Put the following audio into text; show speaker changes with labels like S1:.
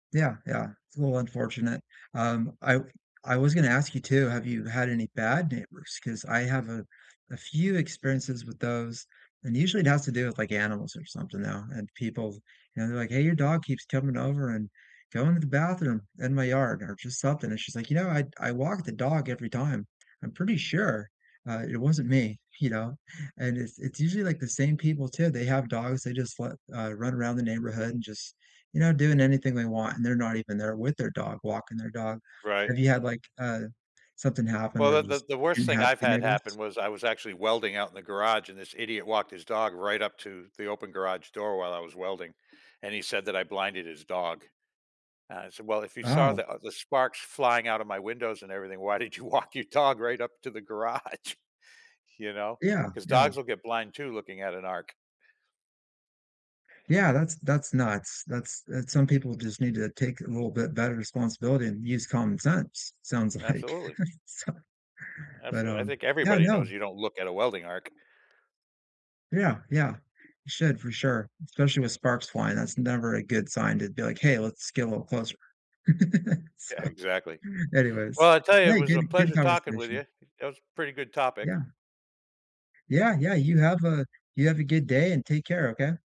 S1: Yeah, yeah, it's a little unfortunate, um, I I was gonna ask you too, have you had any bad neighbors? 'Cause I have a a few experiences with those, and usually it has to do with, like, animals or something now, and people, you know, they're, like, "Hey, your dog keeps coming over and going to the bathroom in my yard" or just something, and she's, like, "You know, I'd I walk the dog every time. I'm pretty sure, uh, it wasn't me," you know, and it's it's usually, like, the same people too, they have dogs, they just let uh, run around the neighborhood and just, you know, doing anything they want, and they're not even there with their dog walking their dog.
S2: Right.
S1: Have you had, like, uh, something happen
S2: Well,
S1: where you
S2: that
S1: just
S2: that the worst
S1: didn't
S2: thing
S1: have
S2: I've
S1: good
S2: had happen
S1: neighbors?
S2: was I was actually welding out in the garage and this idiot walked his dog right up to the open garage door while I was welding, and he said that I blinded his dog. Uh, I said, "Well, if you saw
S1: Wow.
S2: the uh, the sparks flying out of my windows and everything, why did you walk your dog right up to the garage?" You know?
S1: Yeah,
S2: 'Cause
S1: yeah.
S2: dogs will get blind too looking at an arc.
S1: Yeah, that's that's nuts. That's that's Some people just need to take a little bit better responsibility and use common sense, sounds like,
S2: Absolutely.
S1: so but,
S2: Absu I
S1: um
S2: think
S1: Yeah,
S2: everybody
S1: no
S2: knows you don't look at a welding arc.
S1: Yeah, yeah. It should for sure, especially with sparks flying. That's never a good sign to be, like, "Hey, let's get a little closer." So,
S2: Exactly.
S1: anyways,
S2: Well, I tell you, it
S1: hey,
S2: was
S1: good
S2: a
S1: good
S2: pleasure talking with
S1: conversation.
S2: you. It was pretty good topic.
S1: Yeah. Yeah, yeah, you have a you have a good day, and take care, okay?